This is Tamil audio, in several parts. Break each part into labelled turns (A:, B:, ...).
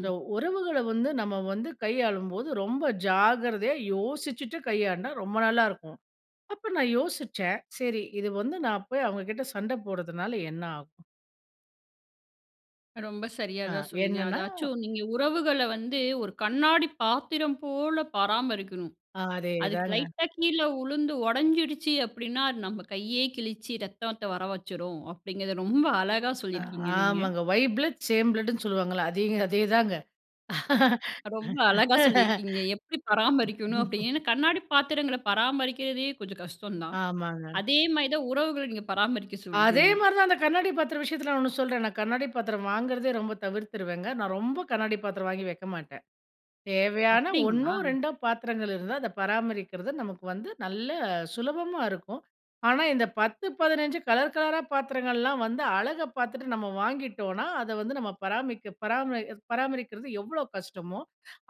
A: இந்த உறவுகள வந்து நம்ம வந்து கையாளும் போது, ரொம்ப ஜாக்கிரதையா யோசிச்சிட்டு கையாண்டா ரொம்ப நல்லா இருக்கும். அப்ப நான் யோசிச்சேன், "சரி இது வந்து நான் போய் அவங்ககிட்ட சண்ட போடுறதுனால என்ன ஆகும்?"
B: ரொம்ப சரியா
A: அ.
B: தான் சொன்னீங்க.
A: என்னென்னா
B: அதாச்சும் நீங்க உறவுகள வந்து, ஒரு கண்ணாடி பாத்திரம் போல பராமரிக்கணும்.
A: ஆ.
B: அதுக்கு
A: அதேதாங்க.
B: லைட்டா கீழ விழுந்து ஒடஞ்சிடிச்சி அப்படின்னா, அது நம்ம கையே கிழிச்சு ரத்தத்த வரவச்சிடும். அப்டிங்கறத ரொம்ப அழகா சொல்லியிருக்கீங்க நீங்க.
A: ஆமாங்க. "ஒய் பிளட் சேம் பிளட்ன்னு," சொல்லுவாங்கல்ல அதே அதேதாங்க.
B: ரொம்ப அழகா சொல்லியிருக்கீங்க எப்படி பராமரிக்கணும் அப்டின்னு. ஏன்னா, கண்ணாடிப் பாத்திரங்கள பராமரிக்கிறதே கொஞ்சம் கஷ்டம் தான்.
A: ஆமாங்க.
B: அதே மாரி தான் உறவுகள் நீங்க பராமரிக்க
A: அதே
B: சொல்றீங்க.
A: மாரி தான், அந்த கண்ணாடி பாத்திரம் விஷயத்துல நான் ஒண்ணு சொல்றேன். நான் கண்ணாடி பாத்திரம் வாங்குறதே ரொம்ப தவிர்த்துருவேங்க. நான் ரொம்ப கண்ணாடி பாத்திரம் வாங்கி வைக்க மாட்டேன். தேவையான ஒன்னோ,
B: அப்டிங்களா?
A: ரெண்டோ பாத்திரங்கள் இருந்தா அத பராமரிக்கிறது, நமக்கு வந்து நல்ல சுலபமா இருக்கும். ஆனா, இந்த 10, 15 கலர், கலரா பாத்திரங்கள்லாம் வந்து அழக பாத்துட்டு நம்ம வாங்கிட்டோனா, அத வந்து நம்ம பராமரிக்க பராமரி பராமரிக்குறது எவ்ளோ கஷ்டமோ,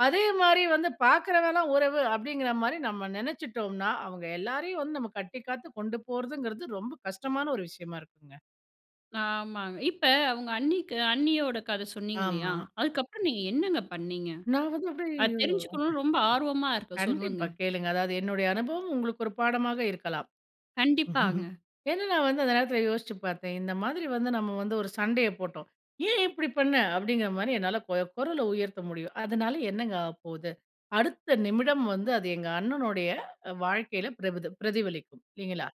A: அதே மாரி வந்து, "பாக்குறவன்லா உறவு." அப்டிங்கற மாரி நம்ம நினைச்சிட்டோம்னா, அவங்க எல்லாரையும் வந்து நம்ம கட்டி காத்து கொண்டு போறதுங்கறது ரொம்ப கஷ்டமான ஒரு விஷயமா இருக்குங்க.
B: ஆமாங்க. இப்ப உங்க அண்ணிக்கு, அண்ணியோட கத சொன்னீங்க இல்லையா?
A: ஆமா.
B: அதுக்கப்பறம் நீங்க என்னங்க பண்ணீங்க?
A: நான் வந்து
B: அத
A: அப்டியே ஓ
B: தெரிஞ்சுக்கணும்னு ரொம்ப ஆர்வமா இருக்கு சொல்லுங்க.
A: கண்டிப்பா கேளுங்க. அதாவது என்னுடைய அனுபவம் உங்களுக்கு ஒரு பாடமாக இருக்கலாம்.
B: கண்டிப்பாங்க.
A: ஏனா, நான் வந்து அந்த நேரத்துல யோசிச்சுப் பாத்தேன். "இந்த மாரி வந்து நம்ம வந்து ஒரு சண்டைய போட்டோம். ஏன் இப்டி பண்ண?" அப்படிங்கிற மாரி என்னால கு குரல உயர்த்த முடியும். அதனால என்னங்க ஆவப்போகுது? அடுத்த நிமிடம் வந்து, அது எங்க அண்ணனுடைய வாழ்க்கையில பிரபதி பிரதிபலிக்கும். இல்லைங்களா?